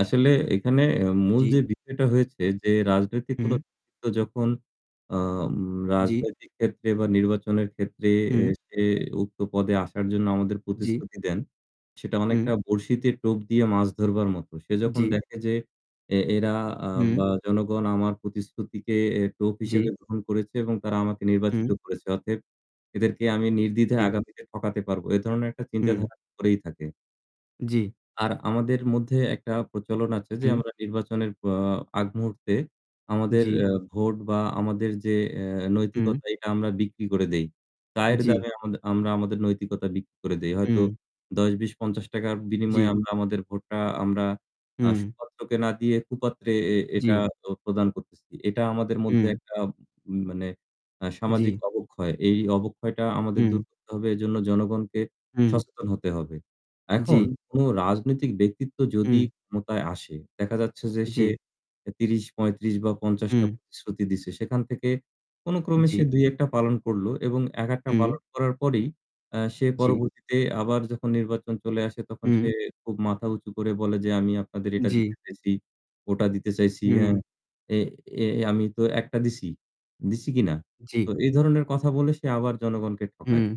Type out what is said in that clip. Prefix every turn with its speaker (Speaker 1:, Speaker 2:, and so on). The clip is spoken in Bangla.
Speaker 1: আসলে এখানে মূল
Speaker 2: জি।
Speaker 1: যে বিষয়টা হয়েছে যে রাজনৈতিক কোনো
Speaker 2: হুম।
Speaker 1: [unintelligible] যখন অ উম
Speaker 2: জি।
Speaker 1: রাজনৈতিক ক্ষেত্রে বা নির্বাচনের ক্ষেত্রে এ
Speaker 2: হুম।
Speaker 1: সে উক্ত পদে আসার জন্য আমাদের
Speaker 2: জি।
Speaker 1: প্রতিশ্রুতি দেন, সেটা
Speaker 2: হুম।
Speaker 1: অনেকটা বড়শিতে টোপ দিয়ে মাছ ধরবার মতো। সে যখন
Speaker 2: জি।
Speaker 1: দেখে যে এ এরা আ
Speaker 2: হুম।
Speaker 1: বা জনগণ আমার প্রতিশ্রুতিকে এ টোপ
Speaker 2: জি।
Speaker 1: হিসেবে গ্রহণ করেছে এবং তারা আমাকে
Speaker 2: হুম।
Speaker 1: নির্বাচিত করেছে। অতএব এদেরকে আমি নির্দ্বিধায়
Speaker 2: জি।
Speaker 1: আগামীতে ঠকাতে পারবো। এ ধরনের একটা
Speaker 2: হুম।
Speaker 1: চিন্তাধারা করেই থাকে।
Speaker 2: জি।
Speaker 1: আর আমাদের মধ্যে একটা প্রচলন আছে যে
Speaker 2: হুম।
Speaker 1: আমরা নির্বাচনের অ আগ মুহূর্তে আমাদের
Speaker 2: জি।
Speaker 1: ভোট এ বা আমাদের যে অ্যা
Speaker 2: হুম।
Speaker 1: নৈতিকতা এটা আমরা বিক্রি করে দেই। চায়ের
Speaker 2: জি।
Speaker 1: দামে আমাদ আমরা আমাদের নৈতিকতা বিক্রি করে দেই। হয়তো
Speaker 2: হুম।
Speaker 1: ৳১০-৳২০-৳৫০ বিনিময়ে
Speaker 2: জি।
Speaker 1: আমরা আমাদের ভোটটা আমরা আ
Speaker 2: হুম।
Speaker 1: সুপাত্রকে না দিয়ে কুপাত্রে এ এটা
Speaker 2: জি।
Speaker 1: তো প্রদান করতেছি। এটা আমাদের মধ্যে
Speaker 2: হুম।
Speaker 1: একটা উ মানে আ সামাজিক
Speaker 2: জি।
Speaker 1: অবক্ষয়। এই অবক্ষয়টা আমাদের
Speaker 2: হুম।
Speaker 1: দূর করতে হবে। এজন্য জনগণকে
Speaker 2: হুম।
Speaker 1: সচেতন হতে হবে। এখন
Speaker 2: জি।
Speaker 1: কোন রাজনৈতিক ব্যক্তিত্ব যদি
Speaker 2: হুম।
Speaker 1: ক্ষমতায় আসে, দেখা যাচ্ছে যে সে
Speaker 2: জি।
Speaker 1: এ ৩০-৩৫ বা ৫০ টা
Speaker 2: হুম।
Speaker 1: প্রতিশ্রুতি দিছে। সেখান থেকে কোন ক্রমে সে
Speaker 2: জি।
Speaker 1: ২-১ টা পালন করলো এবং একেকটা
Speaker 2: হুম।
Speaker 1: পালন করার পরেই অ্যা সে
Speaker 2: জি।
Speaker 1: পরবর্তীতে আবার যখন নির্বাচন চলে আসে, তখন সে
Speaker 2: হুম।
Speaker 1: খুব মাথা উঁচু করে বলে যে আমি আপনাদের এটা
Speaker 2: জি।
Speaker 1: দিতে চাইছি, ওটা দিতে চাইছি, হ্যাঁ।
Speaker 2: হুম
Speaker 1: এ এ আমি তো ১টা দিছি, দিছি কিনা?
Speaker 2: জি।
Speaker 1: তো এই ধরনের কথা বলে সে আবার জনগণকে ঠকায়।
Speaker 2: হুম।